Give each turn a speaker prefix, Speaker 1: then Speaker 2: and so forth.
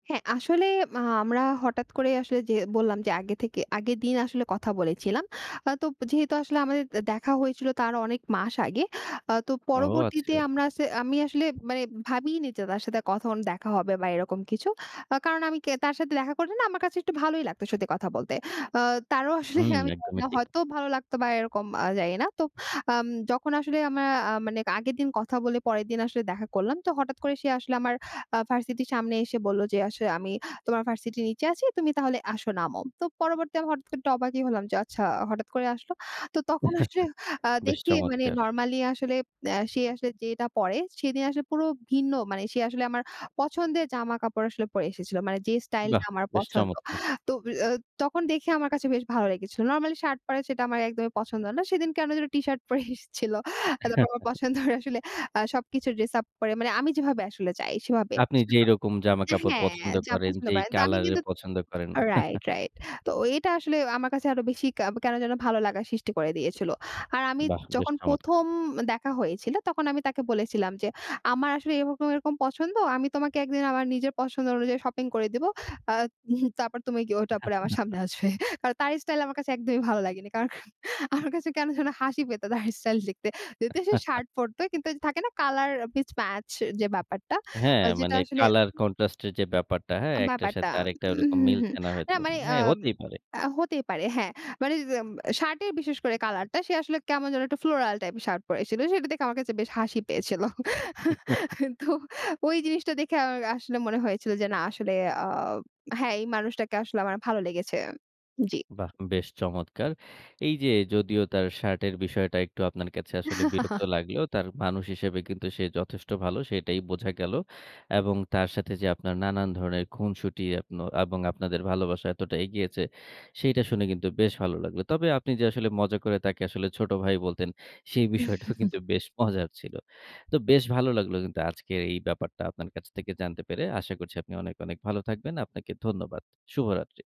Speaker 1: হ্যাঁ। আসলে মাহ আমরা হঠাৎ করে আসলে যে বললাম যে, আগে থেকে আগের দিন আসলে কথা বলেছিলাম। আ তো যেহেতু আসলে আমাদের দে দেখা হয়েছিল তার অনেক মাস আগে। আ তো
Speaker 2: ও,
Speaker 1: পরবর্তীতে
Speaker 2: আচ্ছা।
Speaker 1: আমরা আছ আমি আসলে মানে ভাবিইনি যে তার সাথে কখন দেখা হবে বা এরকম কিছু। আ কারণ আমি কে তার সাথে দেখা করলে না আমার কাছে একটু ভালোই লাগতো সত্যি কথা বলতে। অ তারও আসলে
Speaker 2: হু,
Speaker 1: আমি
Speaker 2: একদমই
Speaker 1: জানিনা
Speaker 2: ঠিক।
Speaker 1: হয়তো ভালো লাগতো বা এরকম আ জানি না। তো আম যখন আসলে আমরা আ মানে আগের দিন কথা বলে, পরের দিন আসলে দেখা করলাম। তো হঠাৎ করে সে আসলে আমার আ ভার্সিটির সামনে এসে বললো যে, "আসলে আমি তোমার ভার্সিটির নিচে আছি, তুমি তাহলে আসো নামো।" তো পরবর্তী আমি হঠাৎ করে আমি একটু অবাকই হলাম যে, আচ্ছা হঠাৎ করে আসলো। তো তখন আসলে আ
Speaker 2: বেশ
Speaker 1: দেখি মানে
Speaker 2: চমৎকার।
Speaker 1: নরমালি আসলে এ্যা সে আসলে যেটা পরে, সেদিন আসলে পুরো ভিন্ন মানে সে আসলে আমার পছন্দের জামাকাপড় আসলে পরে এসেছিল। মানে যে
Speaker 2: বাহ!
Speaker 1: স্টাইলটা আমার
Speaker 2: বেশ
Speaker 1: পছন্দ।
Speaker 2: চমৎকার।
Speaker 1: তো বি আ তখন দেখে আমার কাছে বেশ ভালো লেগেছিল। নরমালি শার্ট পরে, সেটা আমার একদমই পছন্দ না। সেদিন কেন যেন টি শার্ট পরে এসেছিল। তারপর আমার পছন্দের আসলে আ সবকিছু ড্রেস আপ পরে মানে আমি যেভাবে আসলে চাই সেভাবে।
Speaker 2: আপনি
Speaker 1: [unintelligible]
Speaker 2: যেইরকম
Speaker 1: এ্যা
Speaker 2: জামাকাপড়
Speaker 1: হ্যাঁ
Speaker 2: পছন্দ
Speaker 1: যা
Speaker 2: করেন,
Speaker 1: পছন্দ
Speaker 2: যেই
Speaker 1: করে। তো আমি
Speaker 2: কলারের
Speaker 1: কিন্তু
Speaker 2: পছন্দ করেন।
Speaker 1: Right, right. তো এটা আসলে আমার কাছে আরো বেশি ক্যা কেন যেন ভালো লাগার সৃষ্টি করে দিয়েছিল। আর আমি
Speaker 2: বাহ! বেশ
Speaker 1: যখন
Speaker 2: চমৎকার।
Speaker 1: ১ম দেখা হয়েছিল তখন আমি তাকে বলেছিলাম যে, আমার আসলে এরকম, এরকম, পছন্দ, আমি তোমাকে একদিন আমার নিজের পছন্দ অনুযায়ী শপিং করে দিবো। "আ উহুম তারপর তুমি গি ওটা পরে আমার সামনে আসবে।" কারণ তার স্টাইল আমার কাছে একদমই ভালো লাগেনি। কারণ আমার কাছে কেন যেন হাসি পেতো তার স্টাইল দেখতে যদিও সে শার্ট পরতো কিন্তু ওইযে থাকে না কালার পিস ম্যাচ যে ব্যাপারটা
Speaker 2: হ্যাঁ,
Speaker 1: আ যেটা
Speaker 2: মানে
Speaker 1: আসলে
Speaker 2: colour contrast এর যে ব্যাপারটা, হ্যাঁ? একটার
Speaker 1: ব্যাপারটা
Speaker 2: সাথে আরেকটা
Speaker 1: উ
Speaker 2: ওরকম
Speaker 1: হু, হু।
Speaker 2: মিলছে না
Speaker 1: না
Speaker 2: হয়তো।
Speaker 1: মানে
Speaker 2: হ্যাঁ,
Speaker 1: আম
Speaker 2: হতেই পারে।
Speaker 1: আ হতেই পারে হ্যাঁ। মানে এম শার্টের বিশেষ করে কালারটা সে আসলে কেমন যেন একটা floral টাইপের শার্ট পরে এসছিল। সেটা দেখে আমার কাছে বেশ হাসি পেয়েছিল। তো ওই জিনিসটা দেখে আমার আসলে মনে হয়েছিল। যে না আসলে আ হ্যাঁ এই মানুষটাকে আসলে আমার ভালো লেগেছে। জ্বি।
Speaker 2: বাহ! বেশ চমৎকার। এই যে যদিও তার শার্টের বিষয়টা একটু আপনার কাছে আসলে বিরক্ত লাগলেও তার মানুষ হিসেবে কিন্তু সে যথেষ্ট ভালো সেটাই বোঝা গেল। এবং তার সাথে যে আপনার নানান ধরণের খুনসুটি এপনো এবং আপনাদের ভালোবাসা এতটা এগিয়েছে, সেইটা শুনে কিন্তু বেশ ভালো লাগলো। তবে আপনি যে আসলে মজা করে তাকে আসলে ছোট ভাই বলতেন, সেই বিষয়টাও কিন্তু বেশ মজার ছিল। তো বেশ ভালো লাগলো কিন্তু আজকের এই ব্যাপারটা আপনার কাছ থেকে জানতে পেরে। আশা করছি আপনি অনেক, অনেক, ভালো থাকবেন। আপনাকে ধন্যবাদ। শুভরাত্রি।